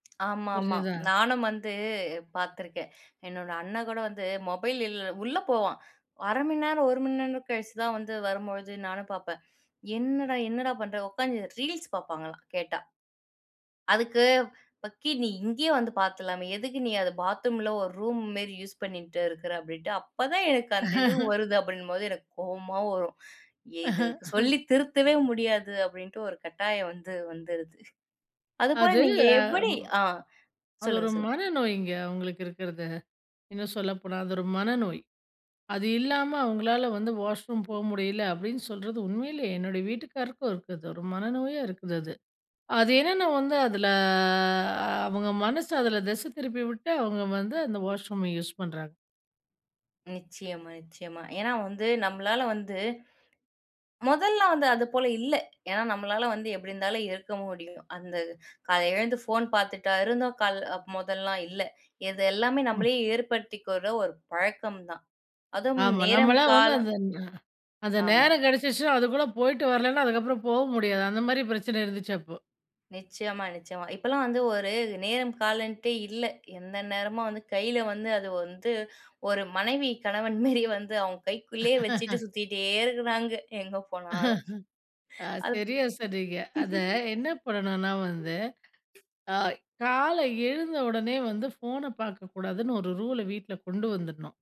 ஆமாமா, புரிஞ்சதா? நானும் வந்து, பார்த்துருக்கேன். என்னோட அண்ணன் கூட வந்து மொபைல் இல் உள்ள போவான். 1/2 மணி நேரம், 1 மணி நேரம் கழிச்சு தான் வந்து. வரும்பொழுது நானும் பார்ப்பேன். என்னடா என்னடா பண்ற. உக்காந்து ரீல்ஸ் பார்ப்பாங்களாம், கேட்டா. அதுக்கு பக்கி நீ இங்கயே வந்து பார்த்துறலாமே, எதுக்கு நீ அத பாத்ரூமில ஒரு ரூம் மாரி யூஸ் பண்ணீட்டு இருக்குற அப்படின்ட்டு அப்பதான் எனக்கு அந்த இது வருது, அப்படின்னும்போது எனக்கு கோவமா வரும். ஏ இதுங் சொல்லி திருத்தவே முடியாது அப்படின்ட்டு ஒரு கட்டாயம் வந்து வந்துருது. அதுபோல அது, நீங்க எப்படி? அம் அ அது சொல்லுங்க ஒரு சொல்லுங்க. மனநோய்ங்க. அவங்களுக்கு இருக்கறது. இன்னும் சொல்லப்போனா, அது ஒரு மனநோய். அது இல்லாம, அவங்களால வந்து வாஷ் ரூம் போ முடியல, அப்படின்னு சொல்றது உண்மயிலே. என்னுடைய வீட்டுக்காரருக்கும் இருக்குது. ஒரு மனநோயா இருக்குது அது. அது என்னன்னா வந்து அதில, அவங்க மனசு அதில திசை திருப்பிவிட்டு, அவங்க வந்து அந்த வாஷ்ரூம யூஸ் பண்றாங்க! நிச்சயமா நிச்சயமா! ஏன்னா வந்து நம்மளால வந்து மொதல்லா வந்து அது போல இல்ல. ஏன்னா, நம்மளால வந்து எப்படி இருந்தாலும் இருக்க முடியும்! அந்த காலைல எழுந்து ஃபோன் பார்த்துட்டா இருந்தோம் கால் முதல்லாம்? இல்ல. இது எல்லாமே ம். நம்மளையே ஏற்படுத்திக்கிற ஒரு பழக்கம் தான். அதும் ஆமா. நேரம், நம்மலாம் வந்து காலம். அந்த அ அந்த ஆமா. நேரம் கெடச்சிச்சினா அதுக்குள்ள போய்ட்டு வரலன்னா, அதுக்கப்புறம் போ முடியாது. அந்த மாரி பிரச்சனை இருந்துச்சு அப்போ. நிச்சயமா நிச்சயமா. இப்பலாம் வந்து ஒரு நேரம் காலம்டே இல்ல. எந்த நேரமும் வந்து, கைல வந்து, அது வந்து, ஒரு மனைவி கணவன் மேரி வந்து அவங்க கைக்குள்ளயே வச்சிட்டு சுத்திட்டே இருக்கிறாங்க! எங்க போனாலும். அ அது சரியா சொன்னீங்க. அத என்ன பண்ணணும்னா வந்து, அ காலை எழுந்த உடனே வந்து, ஃபோன பார்க்கக்கூடாதுன்னு ஒரு ரூல வீட்டுல கொண்டு வந்துட்ணும்.